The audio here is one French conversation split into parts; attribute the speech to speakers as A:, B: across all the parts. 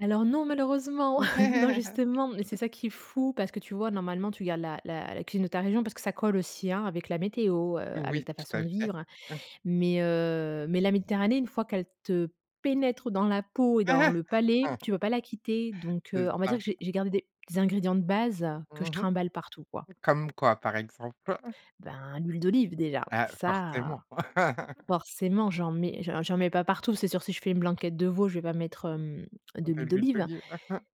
A: Alors non, malheureusement, non,
B: Ouais.
A: justement, mais c'est ça qui est fou. Parce que tu vois? Normalement, tu gardes la la la cuisine de ta région parce que ça colle aussi, hein, avec la météo, heu, avec
B: Oui,
A: ta
B: tout
A: façon
B: à
A: de
B: fait.
A: vivre,
B: Mmh.
A: mais heu, mais la Méditerranée, une fois qu'elle te pénètre dans la peau et dans le palais, tu peux pas la quitter, donc
B: C'est
A: heu, on va dire
B: ça.
A: que j'ai j'ai gardé des ingrédients de base, que je
B: Mmh mh.
A: trimballe partout, quoi.
B: Comme quoi par exemple?
A: Ben, l'huile d'olive, déjà,
B: Ah,
A: ça,
B: forcément.
A: forcément, j'en mets j'en j'en mets pas partout. C'est sûr, si je fais une blanquette de veau, je vais pas mettre, hem, de
B: Tant qu'à
A: l'huile
B: l'huile
A: d'olive
B: d'olive.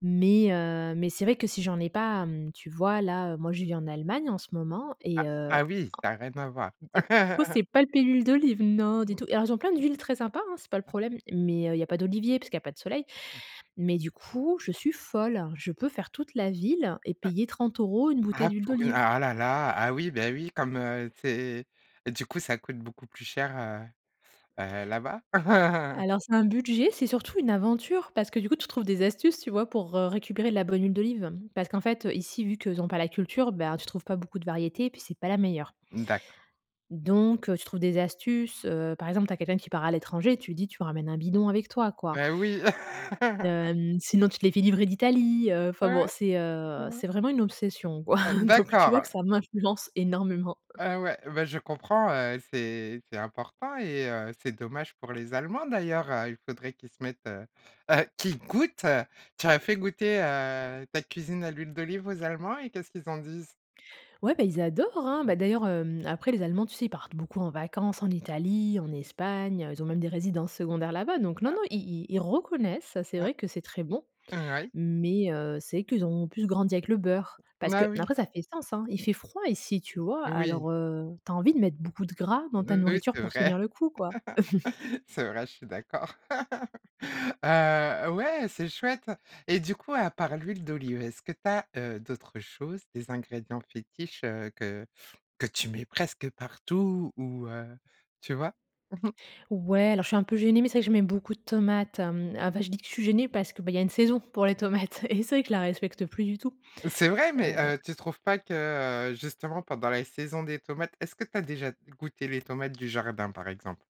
A: mais heu, mais c'est vrai que si j'en ai pas, mmh, tu vois? Là, moi je vis en Allemagne en ce moment
B: Ah,
A: et heu, en
B: ah, oui, ça a rien à voir.
A: et pour le coup c'est pas le pays de l'olive, non du
B: Mmh.
A: tout, et alors, ils ont plein d'huiles très sympas, hein, c'est pas le
B: Ah.
A: problème, mais heu, il y a pas d'olivier parce qu'il y a pas de soleil,
B: Mmh.
A: mais du coup, je suis folle. Je peux faire toute la ville et
B: Ah.
A: payer 30 € une bouteille
B: Ah,
A: d'huile
B: pour
A: d'olive.
B: ah là là, ah oui, beh, oui, comme, heu, tu es du coup, ça coûte beaucoup plus cher, heu heu, là-bas?
A: Alors, c'est un budget, c'est surtout une aventure, parce que, du coup, tu trouves des astuces, tu vois? Pour, heu, récupérer de la bonne huile d'olive. Parce qu'en fait, heu, ici, vu qu'ils ont pas la culture, ben, tu trouves pas beaucoup de variétés, et puis c'est pas la meilleure
B: D'accord.
A: donc heu, tu trouves des astuces, heu, par exemple, tu as quelqu'un qui part à l'étranger, tu lui dis: «Tu ramènes un bidon avec toi», quoi
B: Beh, oui.
A: hem, sinon tu te les fais livrer d'Italie, heu, enfin bon,
B: Ouais.
A: c'est, heu, c'est vraiment une obsession, quoi.
B: Heu,
A: Donc tu vois? Que
B: d'accord.
A: ça m'influence énormément.
B: Ah ouais, bah je comprends, heu, c'est c'est important et heu, c'est dommage pour les Allemands d'ailleurs, heu, il faudrait qu'ils se mettent, heu heu, qu'ils goûtent. Tu leur as fait goûter, heu, ta cuisine à l'huile d'olive aux allemands et qu'est-ce qu'ils en disent?
A: Ouais, bah, ils adorent, hein.
B: Mmh.
A: Bah, d'ailleurs, hem, après les Allemands, tu sais, ils partent beaucoup en vacances en Italie, en Espagne, heu, ils ont même des résidences secondaires là-bas, donc non,
B: Ah.
A: non, i i ils reconnaissent, c'est
B: Hein.
A: vrai que c'est très bon,
B: Hein oui.
A: mais heu, c'est qu'ils ont plus grandi avec le beurre
B: N
A: parce que
B: ah, oui.
A: après ça fait sens, hein. Il fait froid ici, tu vois?
B: Oui.
A: Alors, heu, tu as envie de mettre beaucoup de gras dans ta
B: N oui
A: nourriture
B: c'est
A: pour
B: vrai,
A: tenir le coup, quoi.
B: c'est vrai, je suis d'accord. Heu, ouais, c'est chouette, et du coup, à part l'huile d'olive, est-ce que tu as, heu, d'autres choses, des ingrédients fétiches, heu, que que tu mets presque partout ou heu, tu vois?
A: Ouais, alors je suis un peu gênée, mais c'est vrai que je mets beaucoup de tomates, hem, enfin, je dis que je suis gênée parce que, bah, il y a une saison pour les tomates et c'est vrai que je la respecte plus du tout,
B: C'est vrai? Mais heu,
A: heu.
B: tu trouves pas que, heu, justement pendant la saison des tomates, est-ce que tu as déjà goûté les tomates du jardin, par exemple?